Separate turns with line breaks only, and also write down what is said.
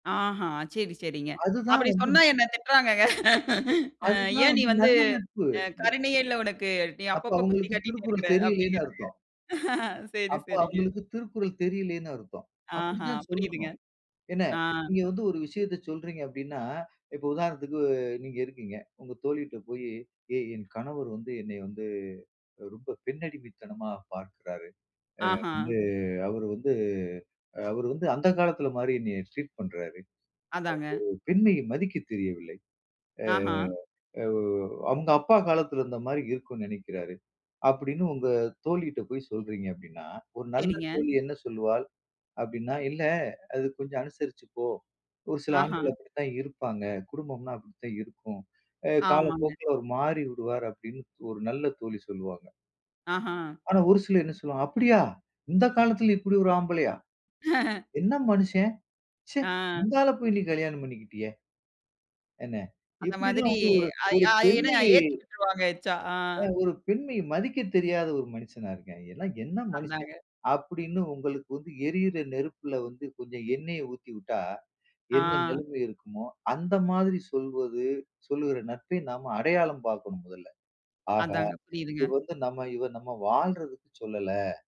ஆஹா! சரி, சரிங்க.
அதுதான்
அப்படி
வந்து
சொன்னா
இந்த
என்ன திட்டுறாங்கங்க. "அ
அதுதான்
ஏன் நீ
வந்து
வந்து,
நல்ல நட்பு.
அ கருணையே இல்லை உனக்கு. நீ
அப்ப
அப்பப்போ குத்தி
அவுங்களுக்கு
காட்டீட்டே
திருக்குறள்
இருக்குற."
தெரியலைன்னு
அப்படீங்குறாங்க.
அர்த்தம்.
சரி,
அப்போ
சரிங்க.
அவுங்களுக்கு திருக்குறள் தெரியலைன்னு அர்த்தம். அப்படி
ஆஹா,
தான்
புரியுதுங்க.
சொல்லணும். என்ன,
ஆ.
நீங்க வந்து ஒரு விஷயத்த சொல்றீங்க அப்படீன்னா, இப்போ உதாரணத்துக்கு நீங்க இருக்கீங்க. உங்க தோழிட்ட போயி, "ஏய் என் கணவர் வந்து என்னை வந்து அ ரொம்ப பெண்ணடிமைத்தனமா பார்க்கிறாரு. அ
ஆஹா.
வந்து அவரு வந்து அவரு வந்து அந்த காலத்தில மாரி என்னைய ட்ரீட் பண்றாரு.
அதாங்க.
அவர் ஒரு பெண்மையை மதிக்க தெரியவில்லை. அ
ஆஹா.
அவ் அவுங்க அப்பா காலத்தில இருந்த மாரி இருக்குன்னு நெனைக்கிறாரு." அப்படீன்னு உங்க தோழிட்ட போய் சொல்றீங்க அப்படீன்னா, ஒரு நல்ல
சரிங்க.
தோழி என்ன சொல்லுவாள் அப்படீன்னா, "இல்ல அது கொஞ்சம் அனுசரிச்சு போ. ஒரு சில
ஆஹா.
ஆண்கள் அப்படித்தான் இருப்பாங்க. குடும்பம்ன்னா அப்படித்தான் இருக்கும். அ
ஆமாங்க.
காலப்போக்கில அவர் மாறிவிடுவார்." அப்படீன்னு ஒரு நல்ல தோழி சொல்லுவாங்க.
ஆஹா!
ஆனா, ஒரு சிலர் என்ன சொல்லுவாங்க, "அப்படியா! இந்த காலத்தில இப்படி ஒரு ஆம்பளையா?" என்ன மனுஷன்! ச்ச,
ஆ.
இந்த ஆள போய் நீ கல்யாணம் பண்ணிக்கிட்டியே. என்ன,
அந்த
இப்படியெல்லாம்
மாதிரி,
வந்து ஒரு
அ இ
ஒரு
அ ஏன்னா
பெண்மையை"
ஏத்தி விட்ருவாங்க எச்சா. ஆ.
"அ ஒரு பெண்மையை மதிக்கத் தெரியாத ஒரு மனுசனா இருக்கான். எல்லாம் என்ன மனுசன்?"
அதாங்க.
அப்படீன்னு உங்களுக்கு வந்து எரியுற நெருப்புல வந்து கொஞ்சம் எண்ணெய ஊத்தி வுட்டா, என்ன
ஆ.
நிலைமை இருக்குமோ? அந்த மாதிரி சொல்வது, சொல்லுகிற நட்பை நாம் அடையாளம் பாக்கணும் மொதல்ல. ஆஹா,
அதாங்க.
இது
புரியுதுங்க.
வந்து நம்ம இவ நம்ம வாழ்றதுக்கு சொல்லல!